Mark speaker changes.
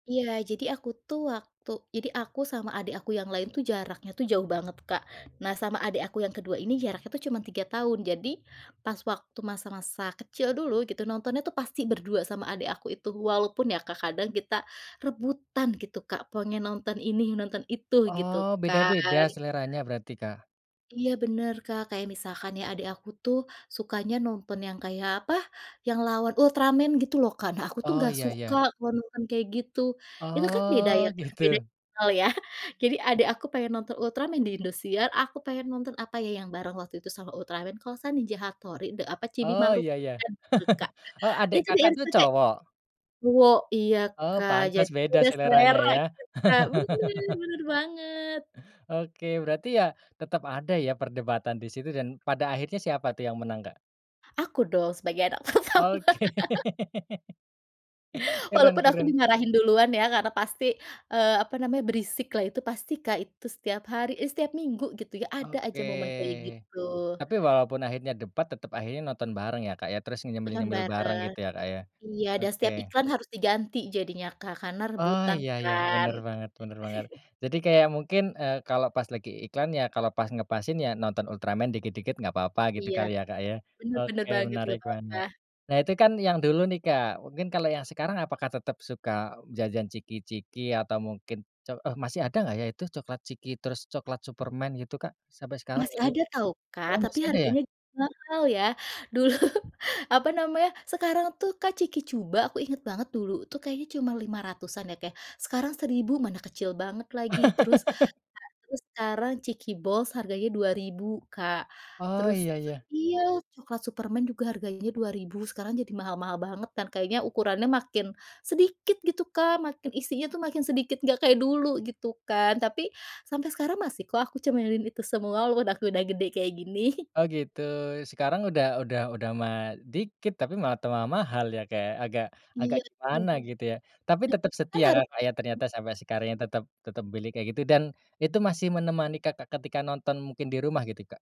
Speaker 1: Iya jadi aku tuh waktu jadi aku sama adik aku yang lain tuh jaraknya tuh jauh banget Kak nah sama adik aku yang kedua ini jaraknya tuh cuman 3 tahun jadi pas waktu masa-masa kecil dulu gitu nontonnya tuh pasti berdua sama adik aku itu walaupun ya Kak kadang kita rebutan gitu Kak pengen nonton ini nonton itu gitu
Speaker 2: Oh
Speaker 1: kan?
Speaker 2: beda-beda seleranya berarti, Kak?
Speaker 1: Iya bener Kak kayak misalkan ya adik aku tuh sukanya nonton yang kayak apa yang lawan Ultraman gitu loh Kak nah aku tuh
Speaker 2: Oh
Speaker 1: nggak
Speaker 2: iya
Speaker 1: suka
Speaker 2: iya.
Speaker 1: kalo nonton kayak gitu itu kan beda ya
Speaker 2: Oh
Speaker 1: Kak? Beda
Speaker 2: gitu?
Speaker 1: hal ya? Jadi adek aku pengen nonton Ultraman di Indosiar aku pengen nonton apa ya? Yang bareng waktu itu sama Ultraman kalau gak salah Ninja Hattori de apa? Chibi
Speaker 2: Oh
Speaker 1: Maruko
Speaker 2: ya ya
Speaker 1: Chan tuh Kak
Speaker 2: oh adek
Speaker 1: itu di
Speaker 2: akak tuh
Speaker 1: RCTI,
Speaker 2: cowok?
Speaker 1: cowok iya
Speaker 2: Oh
Speaker 1: Kak
Speaker 2: pantes
Speaker 1: jadi
Speaker 2: beda
Speaker 1: beda
Speaker 2: seleranya
Speaker 1: selera
Speaker 2: ya?
Speaker 1: gitu Kak bener bener banget.
Speaker 2: Oke berarti ya tetep ada ya perdebatan di situ dan pada akhirnya siapa tuh yang menang, Kak?
Speaker 1: Aku dong sebagai anak pertama.
Speaker 2: Oke. Keren
Speaker 1: Walaupun aku
Speaker 2: keren.
Speaker 1: dimarahin duluan ya karena pasti, eee, apa namanya? Berisiklah itu pasti Kak itu setiap hari, eh, setiap minggu gitu ya ada
Speaker 2: Oke,
Speaker 1: aja momen kayak gitu.
Speaker 2: tapi walaupun akhirnya debat tetep akhirnya nonton bareng ya Kak ya? Terus
Speaker 1: Nonton
Speaker 2: nyemil-nyemil bareng
Speaker 1: bareng,
Speaker 2: gitu ya Kak ya?
Speaker 1: iya dan setiap
Speaker 2: Oke.
Speaker 1: iklan harus diganti jadinya Kak karena
Speaker 2: Oh
Speaker 1: rebutan
Speaker 2: iya iya
Speaker 1: kan.
Speaker 2: bener banget bener banget jadi kayak mungkin, eee, kalau pas lagi iklan ya kalau pas ngepasin ya nonton Ultraman dikit-dikit nggak papa gitu
Speaker 1: Iya,
Speaker 2: kali ya Kak ya?
Speaker 1: bener bener
Speaker 2: Oke
Speaker 1: banget
Speaker 2: menarik
Speaker 1: nggak papa.
Speaker 2: banget, nah itu kan yang dulu nih Kak mungkin kalau yang sekarang apakah tetap suka jajan chiki-chiki? Atau mungkin ce eh, masih ada nggak ya? Itu coklat chiki terus coklat Superman gitu Kak? Sampai sekarang
Speaker 1: Masih
Speaker 2: gitu?
Speaker 1: ada tahu Kak
Speaker 2: Oh
Speaker 1: tapi
Speaker 2: masih ada ya?
Speaker 1: harganya mahal ya dulu apa namanya? Sekarang tuh Kak chiki Chuba aku inget banget dulu tuh kayaknya cuma Rp500-an ya Kak sekarang Rp1000 Mana kecil banget lagi terus nah terus sekarang chiki Balls harganya Rp2000 Kak,
Speaker 2: Oh
Speaker 1: terus
Speaker 2: iya iya.
Speaker 1: iya coklat Superman juga harganya Rp2000 sekarang jadi mahal-mahal banget kan? Kayaknya ukurannya makin, sedikit gitu Kak makin isinya tuh makin sedikit nggak kayak dulu gitu kan? Tapi, sampai sekarang masih kok aku cemilin itu semua walaupun aku udah gede kayak gini.
Speaker 2: Oh gitu sekarang udah udah udah malah dikit tapi malah tambah mahal ya Kak ya agak agak
Speaker 1: Iya tuh,
Speaker 2: gimana gitu ya? Tapi
Speaker 1: [unintelligible] nah
Speaker 2: tetep
Speaker 1: kan
Speaker 2: setia
Speaker 1: haru
Speaker 2: Kakak ya? Ternyata sampai sekarang ya tetep tetep milih kayak gitu dan itu masih menemani Kakak ketika nonton mungkin di rumah gitu, Kak?